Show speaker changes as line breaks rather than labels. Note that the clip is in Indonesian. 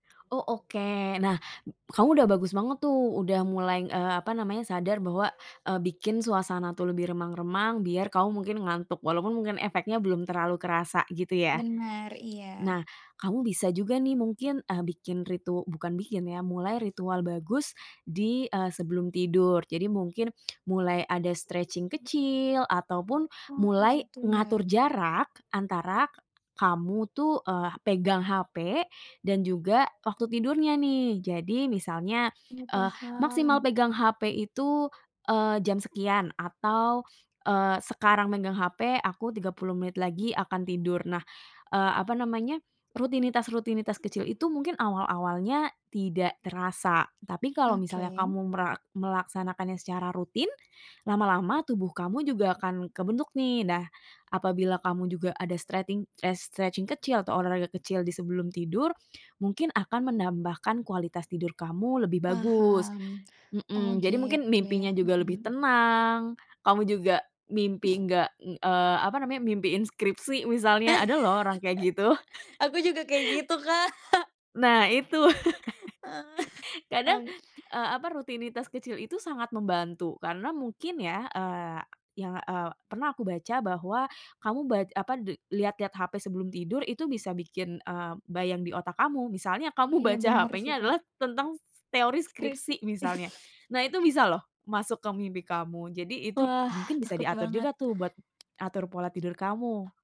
Oh oke. Nah kamu udah bagus banget tuh udah mulai, eee, apa namanya, sadar bahwa, eee, bikin suasana tuh lebih remang-remang biar kamu mungkin ngantuk. Walaupun mungkin efeknya belum terlalu kerasa gitu ya.
Benar,
Nah
iya.
kamu bisa juga nih mungkin, eee, bikin ritu bukan bikin ya, mulai ritual bagus di, eee, sebelum tidur. Jadi mungkin, mulai ada stretching kecil ataupun
Oh,
mulai
gitu ya?
ngatur jarak antara kamu tuh, eee, pegang hape dan juga waktu tidurnya nih. Jadi misalnya,
Oh,
eee, maksimal
paham.
pegang hape itu, eee, jam sekian atau, eee, sekarang megang hape, aku 30 menit lagi akan tidur. Nah, eee, apa namanya, rutinitas-rutinitas kecil itu mungkin awal-awalnya tidak terasa. Tapi kalau misalnya
Oke.
kamu mera melaksanakannya secara rutin, lama-lama tubuh kamu juga akan kebentuk nih. Nah, apabila kamu juga ada streting eh, stretching kecil atau olahraga kecil di sebelum tidur, mungkin akan menambahkan kualitas tidur kamu lebih bagus.
Paham. Oh
Mhm. Jadi mungkin
gitu ya.
mimpinya
Mhm
juga lebih
mhm.
tenang, kamu juga mimpi nggak, ng eee, apa namanya, mimpiin skripsi misalnya. Ada loh orang kayak gitu.
Aku juga kayak gitu Kak.
Nah Itu
Oh
kadang,
ya.
eee, apa, rutinitas kecil itu sangat membantu. Karena mungkin ya, eee, yang, eee, pernah aku baca bahwa, kamu ba apa, de lihat-lihat hape sebelum tidur itu bisa bikin, eee, bayang di otak kamu. Misalnya, kamu
Iya
baca
bener sih
hapenya
Kak.
adalah tentang, teori
Skripsi.
skripsi misalnya. Nah itu bisa loh masuk ke mimpi kamu. Jadi itu
Wah,
mungkin bisa
takut
diatur
banget.
juga tuh buat, atur pola tidur kamu.